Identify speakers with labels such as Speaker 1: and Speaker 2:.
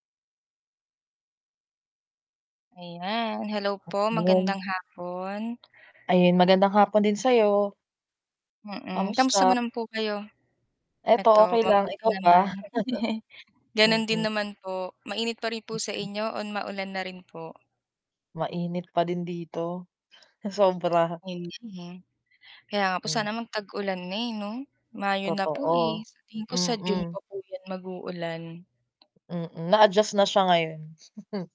Speaker 1: Ayan, hello
Speaker 2: Ah,
Speaker 1: po
Speaker 2: yun.
Speaker 1: magandang hapon.
Speaker 2: Ayan, magandang hapon din sayo.
Speaker 1: Mm, kamusta
Speaker 2: Kamusta?
Speaker 1: mo naman po kayo?
Speaker 2: Eto
Speaker 1: Eto
Speaker 2: okey lang,
Speaker 1: mabuti
Speaker 2: ikaw ba?
Speaker 1: naman. Ganun din
Speaker 2: Mm.
Speaker 1: naman po, mainit pa rin po sa
Speaker 2: Mm.
Speaker 1: inyo o maulan na rin po?
Speaker 2: Mainit pa din dito, sobra.
Speaker 1: Ayun nga po. Kaya nga po
Speaker 2: Hmm.
Speaker 1: sana mag tag-ulan na eh, 'no? Mayo na po eh,
Speaker 2: Totoo.
Speaker 1: sa tingin ko sa June
Speaker 2: Mm.
Speaker 1: pa po 'yan mag-uulan.
Speaker 2: Mm, na-adjust na siya ngayon.